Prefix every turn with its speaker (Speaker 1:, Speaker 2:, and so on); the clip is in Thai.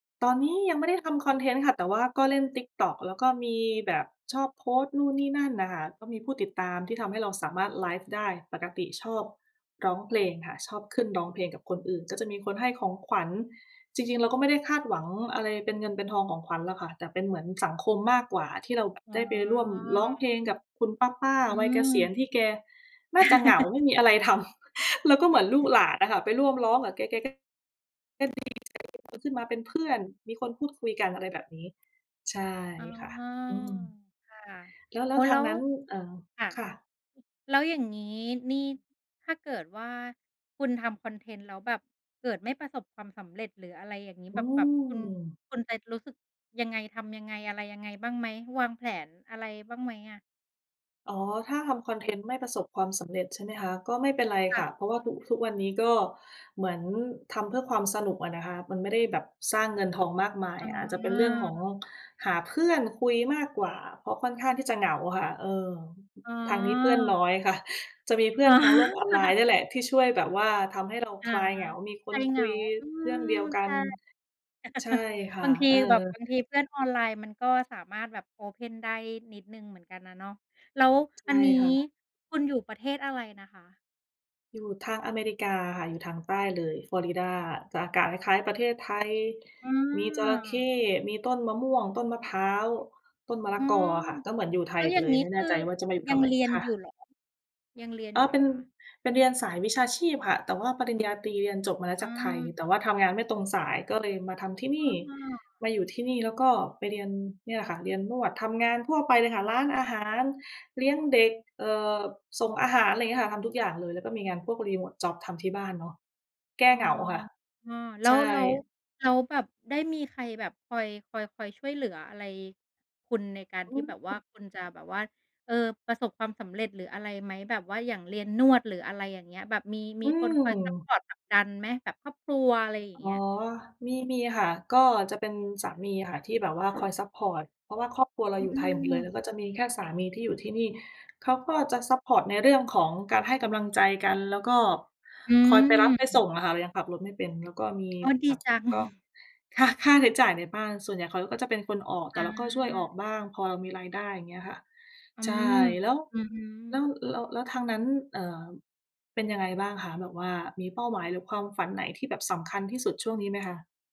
Speaker 1: ตอนนี้ยังไม่ได้ทำคอนเทนต์ค่ะ แต่ว่าก็เล่น TikTok แล้วก็มีแบบชอบโพสต์นู่นนี่นั่นน่ะค่ะ ก็มีผู้ติดตามที่ทำให้เราสามารถไลฟ์ได้ ปกติชอบร้องเพลงค่ะ ชอบขึ้นร้องเพลงกับคนอื่น ก็จะมีคนให้ของขวัญ จริง ๆ เราก็ไม่ได้คาดหวังอะไรเป็นเงินเป็นทองของขวัญหรอกค่ะ แต่เป็นเหมือนสังคมมากกว่า ที่เราแบบ
Speaker 2: อ๋
Speaker 1: ได้ไปร่วมร้องเพล
Speaker 2: อ
Speaker 1: งกับคุณป้า
Speaker 2: อื
Speaker 1: ๆ วัยเก
Speaker 2: ม
Speaker 1: ษียณที่แก น่า จะเหงา ไม่มีอะไรทำ เราก็เหมือนลูกหลานน่ะค่ะ ไปร่วมร้องกับแก แกก็ ก็ดีใจมีคนขึ้นมาเป็นเพื่อน มีคนพูดคุยกัน อะไรแบบนี้ ใช่
Speaker 2: อ๋อ
Speaker 1: ค่ะ อืม
Speaker 2: ค่ะ
Speaker 1: แล้ว แล
Speaker 2: อ
Speaker 1: ้
Speaker 2: ๋
Speaker 1: ว
Speaker 2: อ
Speaker 1: ท
Speaker 2: แล
Speaker 1: า
Speaker 2: ้
Speaker 1: ง
Speaker 2: ว
Speaker 1: นั้น เอ่อ
Speaker 2: ค่ะ
Speaker 1: ค่ะ
Speaker 2: แล้วอย่างงี้นี่ถ้าเกิดว่าคุณทำคอนเทนต์แล้วแบบ เกิดไม่ประสบความสำเร็จ หรืออะไรอย่างงี้
Speaker 1: อื
Speaker 2: แบบ แบบคุณ
Speaker 1: ม
Speaker 2: คุณจะรู้สึกยังไง ทำยังไง อะไรยังไง บ้างไหม วางแผน อะไรบ้างไหมอะ?
Speaker 1: อ๋อ ถ้าทำคอนเทนต์ไม่ประสบความสำเร็จใช่ไหมคะ ก็ไม่เป็นไร
Speaker 2: ค
Speaker 1: ค
Speaker 2: ่
Speaker 1: ่ะ
Speaker 2: ะ
Speaker 1: เพราะว่าทุก ทุกวันนี้ก็เหมือนทำเพื่อความสนุกอะนะคะ มันไม่ได้แบบสร้างเงินทองมากมาย
Speaker 2: อ๋
Speaker 1: อาจจะเป็นเรื่องของ
Speaker 2: อ
Speaker 1: หาเพื่อนคุยมากกว่า เพราะค่อนข้างที่จะเหงาค่ะ เออ
Speaker 2: อ๋
Speaker 1: ทางนี้เพื่อนน
Speaker 2: อ
Speaker 1: ้อย ค่ะ จะมีเพื่
Speaker 2: อ
Speaker 1: อ
Speaker 2: ๋
Speaker 1: น
Speaker 2: อ
Speaker 1: ทางโลกออนไลน์เนี่ยแหละที่ช่วยแบบว่าทำให้เรา
Speaker 2: อ๋อ
Speaker 1: คลายเหงา มีค
Speaker 2: คล
Speaker 1: น
Speaker 2: ายเห
Speaker 1: ค
Speaker 2: ง
Speaker 1: ุ
Speaker 2: า
Speaker 1: ย
Speaker 2: อื
Speaker 1: เรื่อง
Speaker 2: ม
Speaker 1: เดียวก
Speaker 2: ใช
Speaker 1: ัน
Speaker 2: ่
Speaker 1: ใช่ค่
Speaker 2: บา
Speaker 1: ะ
Speaker 2: งที
Speaker 1: เออ
Speaker 2: แบบ บางทีเพื่อนออนไลน์มันก็ สามารถแบบ open ได้นิดหนึ่งเหมือนกันน่ะเนาะ แล้ว
Speaker 1: ใช
Speaker 2: อั
Speaker 1: ่
Speaker 2: นนี้
Speaker 1: ค่ะ
Speaker 2: คุณอยู่ประเทศอะไรนะคะ?
Speaker 1: อยู่ทางอเมริกาค่ะ อยู่ทางใต้เลย ฟลอริดา จะอากาศคล้าย ๆ ประเทศ ไทย
Speaker 2: อ๋
Speaker 1: มีจระเข้
Speaker 2: อ
Speaker 1: มีต้นมะม่วง ต้นมะพร้าว ต้นมะล
Speaker 2: อ
Speaker 1: ะ
Speaker 2: ๋อ
Speaker 1: กออะค่ะ ก็เหมือนอยู่ไท
Speaker 2: แล้
Speaker 1: ย
Speaker 2: ว
Speaker 1: ไ
Speaker 2: อ
Speaker 1: ป
Speaker 2: ย่า
Speaker 1: เ
Speaker 2: ง
Speaker 1: ลย
Speaker 2: งี้
Speaker 1: ไม่
Speaker 2: ค
Speaker 1: แน่
Speaker 2: ื
Speaker 1: ใจ
Speaker 2: อ
Speaker 1: ว่าจะมาอยู่
Speaker 2: ยั
Speaker 1: ทำ
Speaker 2: ง
Speaker 1: ไม
Speaker 2: เรียน
Speaker 1: ค่
Speaker 2: อย
Speaker 1: ะ
Speaker 2: ู่เหรอ ยังเรียน
Speaker 1: อ
Speaker 2: อ
Speaker 1: ๋
Speaker 2: ย
Speaker 1: อ
Speaker 2: ู่เหร
Speaker 1: เป
Speaker 2: อ
Speaker 1: ็น
Speaker 2: คะ?
Speaker 1: เป็น เรียนสาย วิชาชีพค่ะ แต่ว่าปริญญาตรีเรียนจบมาแล้ว
Speaker 2: อ
Speaker 1: จากไทย
Speaker 2: า
Speaker 1: แต่ว่าทำงานไม่ตรงสาย ก็เลยมาทำที่น
Speaker 2: อ
Speaker 1: ี่
Speaker 2: ้อ
Speaker 1: มาอยู่ที่นี่ แล้วก็ไปเรียน เนี่ยแหละค่ะ เรียนนวด ทำงานทั่วไปเลยค่ะ ร้านอาหาร เลี้ยงเด็ก เอ่อ ส่งอาหาร ไรเงี้ยค่ะ ทำ ทุกอย่างเลย แล้วก็มีงานพวก remote job ทำที่บ้านเนาะ แก้
Speaker 2: อ๋
Speaker 1: เ
Speaker 2: อ
Speaker 1: หงาค่ะ
Speaker 2: อ้อ แล
Speaker 1: ใ
Speaker 2: ้
Speaker 1: ช่
Speaker 2: ว แล้ว แล้วแบบได้มีใครแบบคอย คอย คอยช่วยเหลืออะไรคุณในการ
Speaker 1: อ
Speaker 2: ที
Speaker 1: ื
Speaker 2: ่แบบว่า
Speaker 1: ม
Speaker 2: คุณจะแบบว่า เอ่อ ประสบความสำเร็จ หรืออะไรไหม แบบว่าอย่างเรียนนวด หรืออะไรอย่างเงี้ย แบบมี ม
Speaker 1: อ
Speaker 2: ี
Speaker 1: ื
Speaker 2: คนคอยซัป
Speaker 1: ม
Speaker 2: พอร์ตผลักดันไหม แบบครอบครัว อะไรอย่างเ
Speaker 1: อ
Speaker 2: ง
Speaker 1: ๋อ
Speaker 2: ี้ย?
Speaker 1: มี มีค่ะ ก็จะเป็นสามีอะค่ะ ที่แบบว่า คอยซัปพอร์ต เพราะว่าครอบครัวเรา
Speaker 2: อื
Speaker 1: อ
Speaker 2: อ
Speaker 1: ยู่
Speaker 2: อื
Speaker 1: ไทยหมดเลย แล้
Speaker 2: ม
Speaker 1: วก็จะมีแค่สามีที่อยู่ที่นี่ เขาก็จะซัปพอร์ตในเรื่องของการให้กำลังใจกัน แล้วก็
Speaker 2: อื
Speaker 1: คอยไปรับไปส
Speaker 2: ม
Speaker 1: ่งอะค่ะ เรายังขับรถไม่เป็น แล้วก็มี
Speaker 2: อ๋อ ด
Speaker 1: ผ
Speaker 2: ี
Speaker 1: ับ
Speaker 2: จัง
Speaker 1: ก็ ค ค่าใช้จ่ายในบ้าน ส่วนใหญ่เขาก็จะเป็นคนออก แต่
Speaker 2: อ
Speaker 1: เราก็ช่วยออ
Speaker 2: า
Speaker 1: กบ้าง พอเรามีรายได้ อย่างเงี้ยค่ะ
Speaker 2: อื
Speaker 1: ใช่
Speaker 2: ม
Speaker 1: แล้ว
Speaker 2: อือฮ
Speaker 1: แล้
Speaker 2: ึ
Speaker 1: ว แล้ว อ แล้วทางนั้น เอ่อ เป็นยังไงบ้างคะ แบบว่ามีเป้าหมาย หรือความฝันไหนที่แบบสำคัญที่สุดช่วงนี้ไหม คะ?